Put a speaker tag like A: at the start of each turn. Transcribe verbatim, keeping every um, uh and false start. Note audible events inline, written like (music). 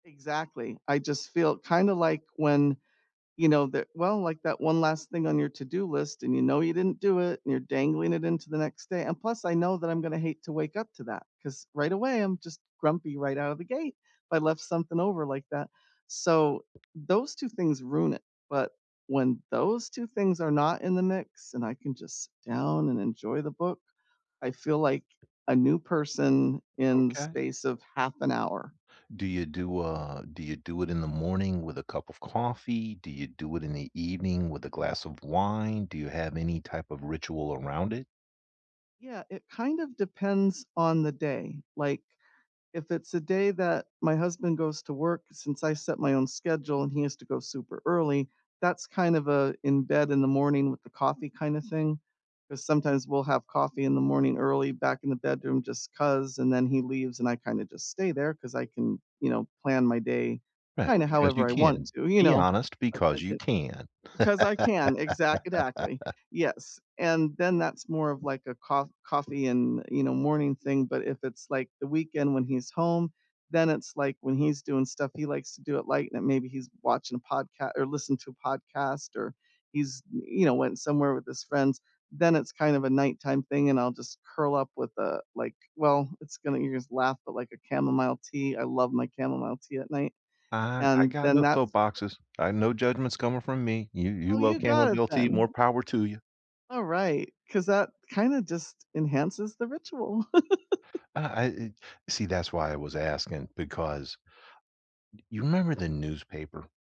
A: Exactly, I just feel kinda like when, you know, the well, like that one last thing on your to-do list and you know you didn't do it and you're dangling it into the next day and plus, I know that I'm gonna hate to wake up to that, 'cause, right away, I'm just grumpy right out of the gate if I left something over like that. So, those two things ruin it, but, when those two things are not in the mix and I can just sit down and enjoy the book, I feel like a new person in the
B: Okay.
A: space of half an hour.
B: Do you do, uh do you do it in the morning with a cup of coffee? Do you do it in the evening with a glass of wine? Do you have any type of ritual around it?
A: Yeah, it kind of depends on the day, like, if it's a day that my husband goes to work, since I set my own schedule and he has to go super early, that's kind of a in-bed, in-the-morning-with-the-coffee kinda thing, 'cause sometimes we'll have coffee in the morning early back in the bedroom just 'cause, and then he leaves and I kinda just stay there 'cause I can, you know, plan my day
B: Right,
A: kinda
B: because you
A: however I want
B: can.
A: to, you
B: Be
A: know,
B: honest,
A: like,
B: because
A: I
B: you
A: can
B: can.
A: because I can, exactidactly,
B: (chuckles)
A: yes, and then that's more of like a coff coffee and, you know, morning thing, but if it's, like, the weekend when he's home, then it's, like, when he's doing stuff, he likes to do it light, and maybe he's watching a podca or listening to a podcast, or he's, y you know, went somewhere with his friends, then it's kind of a nighttime thing and I'll just curl up with a, like well, it's gonna you'll just laugh, but, like, a chamomile tea, I love my chamomile tea at night,
B: Ah, I
A: and
B: got
A: then
B: no
A: that's
B: soapboxes. I no judgments coming from me, you you
A: Oh,
B: love
A: you got it
B: chamomile tea, more
A: then.
B: power to you.
A: All right, 'cause that kinda just enhances the ritual. (chuckles)
B: Ah, I e see, that's why I was asking, because you remember the newspaper?